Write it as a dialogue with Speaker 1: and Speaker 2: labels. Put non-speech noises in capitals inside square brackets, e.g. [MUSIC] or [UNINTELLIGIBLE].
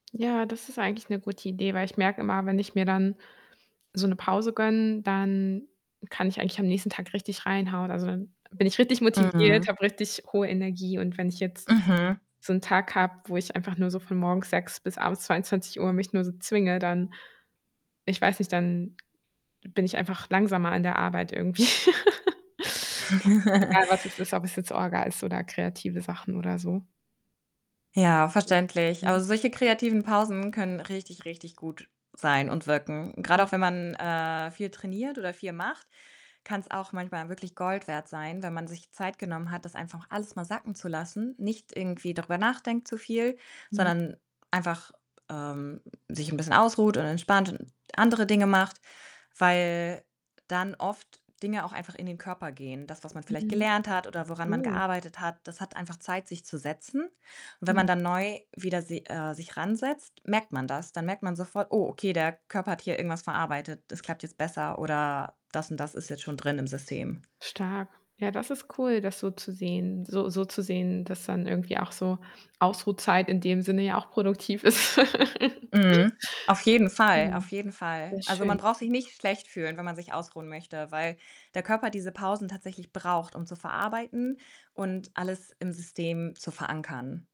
Speaker 1: Ja, das ist eigentlich 'ne gute Idee, weil ich merke immer, wenn ich mir dann so 'ne Pause gönne, dann kann ich eigentlich am nächsten Tag richtig reinhauen. Also, dann bin ich richtig motiviert,
Speaker 2: Mhm.
Speaker 1: habe richtig hohe Energie. Und wenn ich jetzt
Speaker 2: Mhm.
Speaker 1: so 'n Tag habe, wo ich einfach nur so von morgens 6:00 bis abends 22:00 mich nur so zwinge, dann ich weiß nicht, dann bin ich einfach langsamer in der Arbeit irgendwie. [CHUCKLES] Also, egal, was es ist, ob es
Speaker 2: [CHUCKLES]
Speaker 1: jetzt Orga ist oder kreative Sachen oder so.
Speaker 2: Ja, verständlich. Aber
Speaker 1: [UNINTELLIGIBLE]
Speaker 2: solche kreativen Pausen können richtig, richtig gut sein und wirken. Grad
Speaker 1: Hm.
Speaker 2: auch, wenn man, äh, viel trainiert oder viel macht, kann's auch manchmal wirklich Gold wert sein, wenn man sich Zeit genommen hat, das einfach alles mal sacken zu lassen, nicht irgendwie darüber nachdenkt zu viel,
Speaker 1: Mhm.
Speaker 2: sondern einfach, ähm, sich 'n bisschen ausruht und entspannt und andere Dinge macht, weil dann oft Dinge auch einfach in den Körper gehen. Das, was man vielleicht
Speaker 1: Mhm.
Speaker 2: gelernt hat oder woran man
Speaker 1: Oh.
Speaker 2: gearbeitet hat, das hat einfach Zeit, sich zu setzen. Und wenn man
Speaker 1: Mhm.
Speaker 2: dann neu wieder si äh, sich ran setzt, merkt man das. Dann merkt man sofort: „Oh, okay, der Körper hat hier irgendwas verarbeitet, das klappt jetzt besser oder das und das ist jetzt schon drin im System.“
Speaker 1: Stark. Ja, das ist cool, das so zu sehen so so zu sehen, dass dann irgendwie auch so Ausruhtzeit in dem Sinne ja auch produktiv ist. [CHUCKLES]
Speaker 2: Mhm. Auf jeden Fall, auf
Speaker 1: Mhm.
Speaker 2: jeden Fall.
Speaker 1: Sehr
Speaker 2: Also, man
Speaker 1: schön.
Speaker 2: braucht sich nicht schlecht fühlen, wenn man sich ausruhen möchte, weil der Körper diese Pausen tatsächlich braucht, um zu verarbeiten und alles im System zu verankern.